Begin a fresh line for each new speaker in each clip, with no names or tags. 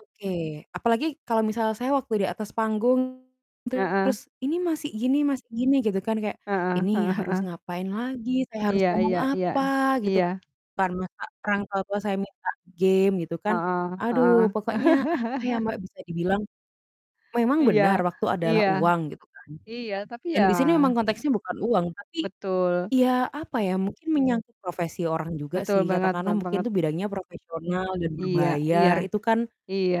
Oke. Apalagi kalau misalnya saya waktu di atas, panggung
Heeh.
terus, "Ini Mas, gini Mas, gini," gitu kan kayak,
Heeh
ini
heeh
harus
heeh.
ngapain lagi, saya harus
Iya
ngomong
iya iya.
apa gitu,
Iya.
karena ka masa orang tua tua saya minta game, gitu kan.
Heeh heeh.
Aduh pokoknya, apa ya, Mbak, bisa dibilang memang
Iya,
benar waktu adalah
iya.
uang gitu kan
Iya, tapi
dan
ya
di sini memang konteksnya bukan uang tapi,
Betul.
ya apa ya,
Iya.
mungkin menyangkut profesi orang juga
Betul
sih.
banget,
Katakanlah
be
mungkin
banget.
tuh bidangnya yang profesional dan
Iya iya.
berbayar itu kan
Iya,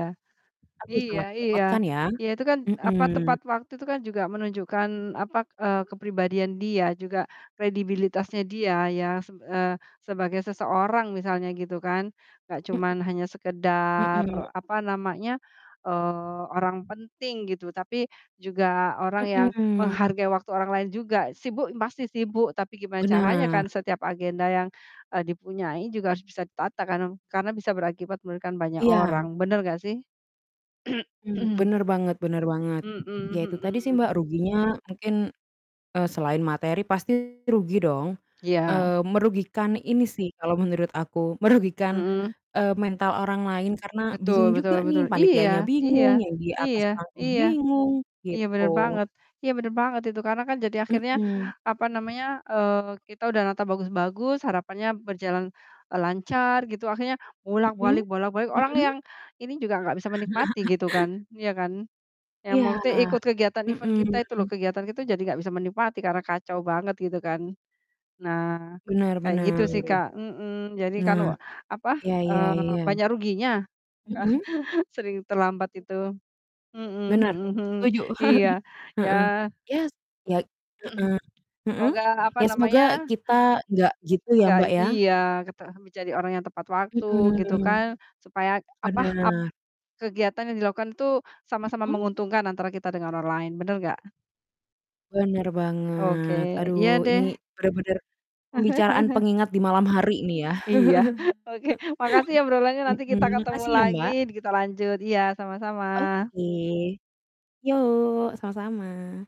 aduh
iya
sangat
iya.
merepotkan ya.
Iya itu kan, apa,
Mhm.
tepat waktu itu kan juga menunjukkan apa, eee, kepribadian dia juga kredibilitasnya dia ya. Seb eee, sebagai seseorang misalnya gitu kan. Enggak
Mmm.
cuman
[unintelligible]
hanya sekedar,
Mhm.
apa namanya, eee, orang penting gitu, tapi juga orang yang
Mhm.
menghargai waktu orang lain juga. Sibuk, pasti sibuk, tapi gimana caranya kan
Benar.
setiap agenda yang, eee, dipunyai juga harus bisa ditata karno karena bisa berakibat memberikan banyak
Iya.
orang. Bener nggak sih?
Mmm, bener banget bener banget.
Mhm
Ya itu tadi sih,
mhm.
Mbak, ruginya mungkin, eee, selain materi pasti rugi dong.
Iya.
Eee, merugikan ini sih kalau menurut aku merugikan,
Mhm.
eee, mental orang lain karena
Betul
bingung juga
betul
nih,
betul.
panitianya
Iya iya
bingung, yang di atas
iya
panggung
iya.
bingung,
Iya,
gitu.
bener banget iya bener banget itu karena kan jadi akhirnya,
Mhm.
apa namanya, eee, kita udah nata bagus-bagus harapannya berjalan, eee, lancar gitu akhirnya
Mhm,
bolak-balik bolak-balik. Orang
mhm.
yang ini juga nggak bisa menikmati gitu kan. Iya kan? Yang mau
Iya.
te ikut kegiatan event
Mhm.
kita itu loh kegiatan kita jadi nggak bisa menikmati karena kacau banget gitu kan. Nah,
Benar
kayak gitu
benar.
sih, Kak. Mhm, jadi kan
Nah,
wa apa,
ya ya
eee,
ya.
banyak ruginya, ka
Mhm.
sering terlambat itu. Mhm
Benar,
mhm mhm.
setuju.
Iya,
Heeh.
ya
Yes, ya heeh. Heeh.
Semoga apa
Ya semoga
namanya,
kita nggak gitu ya,
nggak
Mbak, ya.
iya, kete menjadi orang yang tepat waktu gitu
Mhm.
kan. Supaya apa, ap
Bener.
kegiatan yang dilakukan itu, sama-sama
Mhm.
menguntungkan antara kita dengan orang lain. Bener nggak?
Bener
Oke,
banget. Aduh
iya
ini
deh.
bener-bener pembicaraan pengingat di malam hari nih ya.
Iya, oke. Makasih obrolannya nanti kita
Mhm,
ketemu
makasih ya,
lagi,
Mbak.
kita lanjut. Iya, sama-sama.
Oke. Yok, sama-sama.